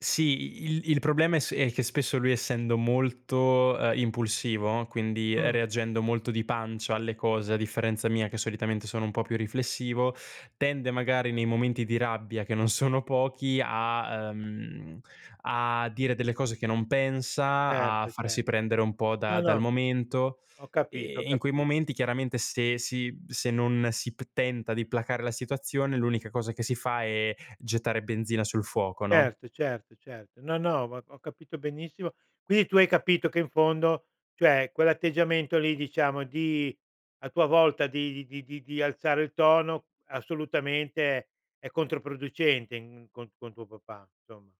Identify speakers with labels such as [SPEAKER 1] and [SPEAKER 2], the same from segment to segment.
[SPEAKER 1] Sì, il il problema è se è che spesso lui essendo molto, ehm, impulsivo, quindi, ehm,
[SPEAKER 2] Mh.
[SPEAKER 1] reagendo molto di pancia alle cose a differenza mia che solitamente sono un po' più riflessivo, tende magari nei momenti di rabbia che non sono pochi a ehm, a dire delle cose che non pensa, a
[SPEAKER 2] Certo, cer
[SPEAKER 1] farsi prendere un po' da
[SPEAKER 2] No,
[SPEAKER 1] dal
[SPEAKER 2] no,
[SPEAKER 1] momento,
[SPEAKER 2] ho capito, ho
[SPEAKER 1] e e in quei
[SPEAKER 2] capi
[SPEAKER 1] momenti chiaramente se si mhmm, se non si p tenta di placar la situazione l'unica cosa che si fa è gettare benzina sul fuoco, no?
[SPEAKER 2] Certo, certo, certo. No, no, ho ho capito benissimo. Quindi tu hai capito che in fondo, cioè quell'atteggiamento lì diciamo di a tua volta di di di di alzare il tono assolutamente è è controproducente in co con tuo papà, insomma.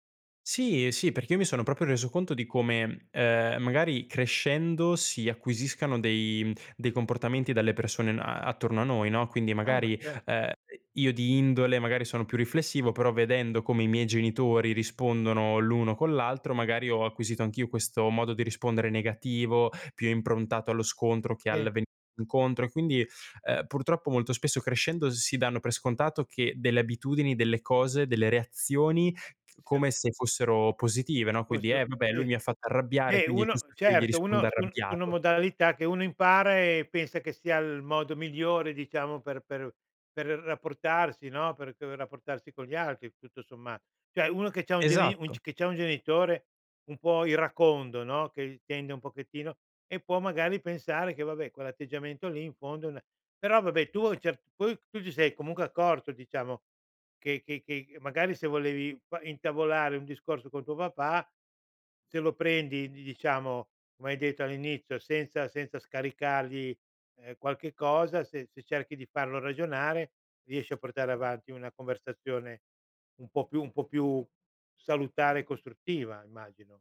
[SPEAKER 1] Sì, ehm, sì, perché io mi sono proprio reso conto di come, ehm, magari crescendo si acquisiscano dei mhmm, dei comportamenti dalle persone n a attorno a noi, no. Quindi
[SPEAKER 2] Ah, ma
[SPEAKER 1] magari,
[SPEAKER 2] cer
[SPEAKER 1] ehm, io di indole magari sono più riflessivo, però vedendo come i miei genitori rispondono l'uno con l'altro, magari ho acquisito anch'io questo modo di rispondere negativo, più improntato allo scontro che al
[SPEAKER 2] [unintelligible]
[SPEAKER 1] venir incontro. E quindi, ehm, purtroppo molto spesso crescendo si danno per scontato che delle abitudini, delle cose, delle reazioni c
[SPEAKER 2] Siano
[SPEAKER 1] come se fossero positive, no,
[SPEAKER 2] Poi
[SPEAKER 1] quindi:
[SPEAKER 2] se u
[SPEAKER 1] "Eh, vabbè, lui
[SPEAKER 2] sì.
[SPEAKER 1] mi ha fatto arrabbiare
[SPEAKER 2] Beh
[SPEAKER 1] quindi è
[SPEAKER 2] uno
[SPEAKER 1] giusto che io gli
[SPEAKER 2] certo,
[SPEAKER 1] risponda
[SPEAKER 2] uno su un su una
[SPEAKER 1] arrabbiato."
[SPEAKER 2] modalità che uno impara e pensa che sia il modo migliore, diciamo, per per per rapportarsi, no, per per rapportarsi con gli altri tutto sommat cioè uno che c'ha un geni un
[SPEAKER 1] Esatto.
[SPEAKER 2] cioè che c'ha un genitore un po' iracondo, no, che tende un pochettino e può magari pensare che vabbè quell'atteggiamento lì in fondo è una però vabbè tu a un certo poi tu ti sei comunque accorto diciamo che che che magari se volevi p intavolare un discorso con tuo papà, se lo prendi di diciamo come hai detto all'inizio senza senza scaricargli, ehm, qualche cosa, se se cerchi di farlo ragionare riesci a portare avanti una conversazione un po' più un po' più salutare e costruttiva immagino.